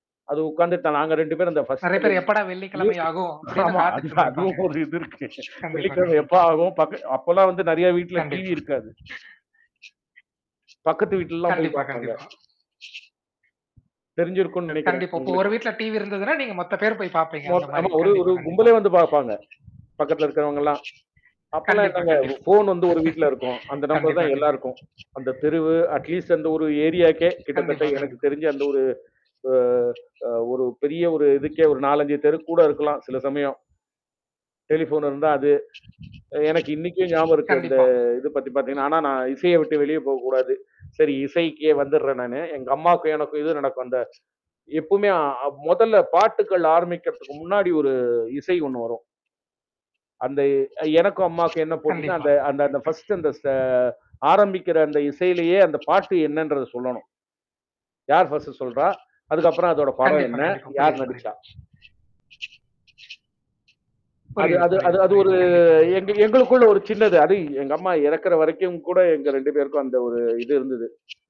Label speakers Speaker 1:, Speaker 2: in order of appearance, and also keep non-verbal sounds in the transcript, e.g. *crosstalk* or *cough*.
Speaker 1: அது உட்கார்ந்துட்டோம். நாங்க 2 பேரு அந்த பர்ஸ்ட்
Speaker 2: நெறய
Speaker 1: அந்த
Speaker 2: பேர் எப்படா
Speaker 1: மியூசிக்
Speaker 2: வெள்ளிக்கிழமையாகும், அப்படினு
Speaker 1: ஆமா. அது,
Speaker 2: காத்துட்டு இருந்திருப்பாங்க.
Speaker 1: அதுவும் ஒரு இது இருக்கு.
Speaker 2: கண்டிப்பா,
Speaker 1: வெள்ளிக்கிழமை எப்ப
Speaker 2: கண்டிப்பா.
Speaker 1: ஆகும் அப்பெல்லாம் வந்து நெறயா வீட்ல டிவி
Speaker 2: கண்டிப்பா.
Speaker 1: இருக்காது. பக்கத்து வீட்லலாம், போய்
Speaker 2: கண்டிப்பா,
Speaker 1: பாப்பாங்க.
Speaker 2: கண்டிப்பா.
Speaker 1: தெரிஞ்சிருக்குன்னு நெனக்கிறேன்,
Speaker 2: கண்டிப்பா. இப்ப ஒரு
Speaker 1: உங்களுக்கு.
Speaker 2: வீட்ல டிவி இருந்ததுன்னா, நீங்க மொத்த பேரு போயி பாப்பீங்க. அந்த
Speaker 1: ஓட் ஆமா.
Speaker 2: மாரி.
Speaker 1: ஒரே, ஒரு
Speaker 2: கண்டிப்பா, கண்டிப்பா.
Speaker 1: கும்பலே வந்து பாப்பாங்க. பக்கத்தில இருக்குறவங்கள்லா. அப்பெல்லாம்
Speaker 2: கண்டிப்பா,
Speaker 1: என்னங்க,
Speaker 2: கண்டிப்
Speaker 1: ஃபோன் வந்து ஒரு வீட்ல
Speaker 2: *laughs*
Speaker 1: இருக்கும். அந்த நம்பர்
Speaker 2: கண்டிப்பா,
Speaker 1: தான்
Speaker 2: கண்டி
Speaker 1: எல்லாருக்கும். அந்த தெருவு, அட் லீஸ்ட் அந்த ஒரு ஏரியாக்கே, கிட்டத்தட்ட
Speaker 2: கண்டிப்பா,
Speaker 1: எனக்கு
Speaker 2: கண்டிப்பா.
Speaker 1: தெரிஞ்சு அந்த ஒரு அ, அ ஒரு பெரிய ஒரு இதுக்கே, ஒரு 4,5 தெரு கூட இருக்கலாம். சில சமயம். டெலிஃபோன் இருந்தா அது. எனக்கு இன்னைக்கும் ஞாபகம் இருக்கு. அந்த
Speaker 2: கண்டிப்பா.
Speaker 1: இத பத்தி பாத்தீங்கன்னா, ஆனா நான் இசைய விட்டு வெளிய போகக்கூடாது. சரி, இசைக்கே வந்துட்றேன் நானு. எங்க அம்மாக்கும் எனக்கும் இது நடக்கும். அந்த எப்பவுமே முதல்ல பாட்டுகள் ஆரம்பிக்கிறதுக்கு முன்னாடி, ஒரு இசை ஒண்ணு வரும். அந்த எனக்கும் அம்மாக்கும் என்ன போட்டின்னா,
Speaker 2: கண்டிப்பா.
Speaker 1: அந்த அந்த அந்த ஃபர்ஸ்ட் அந்த ச
Speaker 2: *clears throat*
Speaker 1: ஆரம்பிக்கிற அந்த இசையிலேயே, அந்த பாட்டு என்னன்றத சொல்லணும். யார் ஃபர்ஸ்ட் சொல்றா? அதுக்கப்பற அதோட படம்
Speaker 2: கண்டிப்பா,
Speaker 1: என்ன?
Speaker 2: கண்டிப்பா.
Speaker 1: யார்
Speaker 2: புரியுது, புரியுது.
Speaker 1: நடிச்சா? அது
Speaker 2: புரியுது,
Speaker 1: அது
Speaker 2: புரியுது,
Speaker 1: அது
Speaker 2: புரியுது.
Speaker 1: ஒரு
Speaker 2: கண்டிப்பா,
Speaker 1: எங்க,
Speaker 2: கண்டிப்பா.
Speaker 1: எங்களுக்குள்ள ஒரு சின்னது. அது எங்க அம்மா இறக்கற வரைக்கும் கூட, எங்க 2 பேருக்கும், அந்த ஒரு இது இருந்தது.